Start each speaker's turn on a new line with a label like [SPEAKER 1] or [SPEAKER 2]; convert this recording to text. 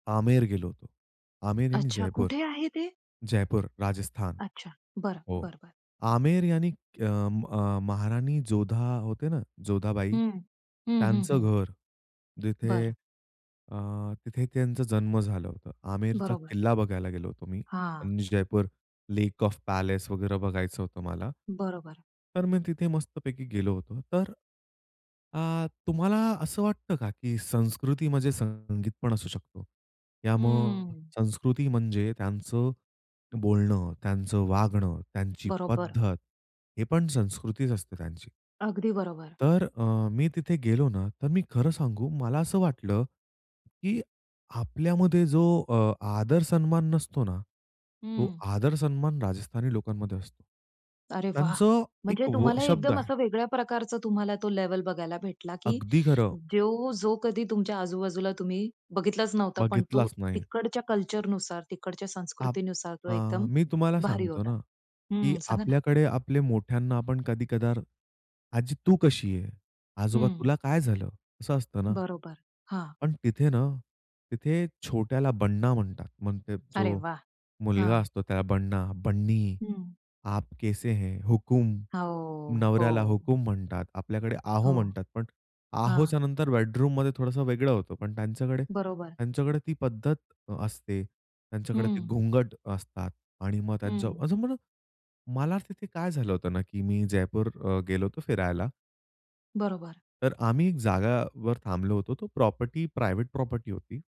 [SPEAKER 1] आमेर गेलो. आमेर यानी
[SPEAKER 2] अच्छा,
[SPEAKER 1] जयपूर.
[SPEAKER 2] कुठे आहे ते?
[SPEAKER 1] जयपूर, राजस्थान
[SPEAKER 2] अच्छा. बरं,
[SPEAKER 1] हो.
[SPEAKER 2] बरं, बरं.
[SPEAKER 1] आमेर यानी अ, अ, महाराणी जोधा होते ना, जोधाबाई,
[SPEAKER 2] हं, हं, हं,
[SPEAKER 1] त्यांचं
[SPEAKER 2] हं.
[SPEAKER 1] घर. जिथे
[SPEAKER 2] बरं.
[SPEAKER 1] अ, तिथे त्यांचा जन्म झालं होतं. आमेरचा
[SPEAKER 2] बरोबर.
[SPEAKER 1] किल्ला बघायला गेलो होतो मी
[SPEAKER 2] हां.
[SPEAKER 1] आणि जयपूर लेक ऑफ पॅलेस वगैरे बघायचं होतं मला.
[SPEAKER 2] बरोबर.
[SPEAKER 1] तर मी तिथे मस्तपैकी गेलो होतो. तर अ, तुम्हाला असं वाटतं का, की संस्कृती म्हणजे संगीत पण असू शकतो? या मग
[SPEAKER 2] हंम्म.
[SPEAKER 1] संस्कृती म्हणजे त्यांचं बोलणं, त्यांचं वागणं, त्यांची
[SPEAKER 2] बरोबर.
[SPEAKER 1] पद्धत हे पण संस्कृतीच असते त्यांची.
[SPEAKER 2] अगदी बरोबर.
[SPEAKER 1] तर अ, मी तिथे गेलो ना, तर मी खरं सांगू मला असं वाटलं, की आपल्यामध्ये जो अ, आदर सन्मान नसतो ना, तो
[SPEAKER 2] हं.
[SPEAKER 1] आदर सन्मान राजस्थानी लोकांमध्ये असतो.
[SPEAKER 2] अरे वाह!
[SPEAKER 1] त्यांचं
[SPEAKER 2] म्हणजे
[SPEAKER 1] एक व
[SPEAKER 2] तुम्हाला
[SPEAKER 1] शब्द
[SPEAKER 2] एकदम
[SPEAKER 1] आहे.
[SPEAKER 2] असं वेगळ्या प्रकारचं तुम्हाला तो लेव्हल बघायला भेटला, की
[SPEAKER 1] अगदी खरं.
[SPEAKER 2] जो जो कधी तुमच्या आजूबाजूला तुम्ही बघितलाच नव्हता. पण तो
[SPEAKER 1] बघितलाच नाही.
[SPEAKER 2] तिकडच्या कल्चरनुसार, तिकडच्या
[SPEAKER 1] आप
[SPEAKER 2] संस्कृतीनुसार तो
[SPEAKER 1] अ,
[SPEAKER 2] एकदम
[SPEAKER 1] मी तुम्हाला
[SPEAKER 2] भारी
[SPEAKER 1] सांगतो
[SPEAKER 2] होता.
[SPEAKER 1] ना, की
[SPEAKER 2] हं सांगा ना.
[SPEAKER 1] आपल्याकडे आपले मोठ्यांना आपण कधी कधार आजी तू कशी आहे? आजोबा
[SPEAKER 2] हं.
[SPEAKER 1] तुला काय झालं? असं असतं ना.
[SPEAKER 2] बरोबर. हां.
[SPEAKER 1] पण तिथे ना, तिथे छोट्याला बन्ना म्हणतात. म्हणजे
[SPEAKER 2] अरे
[SPEAKER 1] जो
[SPEAKER 2] वाह!
[SPEAKER 1] मुलगा
[SPEAKER 2] हां.
[SPEAKER 1] असतो त्याला बन्ना, बन्नी,
[SPEAKER 2] हं.
[SPEAKER 1] आप कैसे हैं, हुकूम,
[SPEAKER 2] हो,
[SPEAKER 1] नवऱ्याला
[SPEAKER 2] हो.
[SPEAKER 1] हुकूम म्हणतात. आपल्याकडे आहो
[SPEAKER 2] हो.
[SPEAKER 1] म्हणतात. पण
[SPEAKER 2] हां.
[SPEAKER 1] आहोचं नंतर बेडरूममध्ये थोडसं वेगळं होतं. पण त्यांच्याकडे,
[SPEAKER 2] बरोबर.
[SPEAKER 1] त्यांच्याकडे ती पद्धत अ, असते. त्यांच्याकडे ते
[SPEAKER 2] हं.
[SPEAKER 1] घुंगट असतात आणि मग त्यांचं
[SPEAKER 2] हं.
[SPEAKER 1] अजून म्हणा, मला तिथे काय झालं होतं ना, की मी जयपूर अ, गेलो होतो फिरायला.
[SPEAKER 2] बरोबर.
[SPEAKER 1] तर आम्ही एक जागावर थांबलो होतो. तो प्रॉपर्टी, प्रायव्हेट प्रॉपर्टी होती.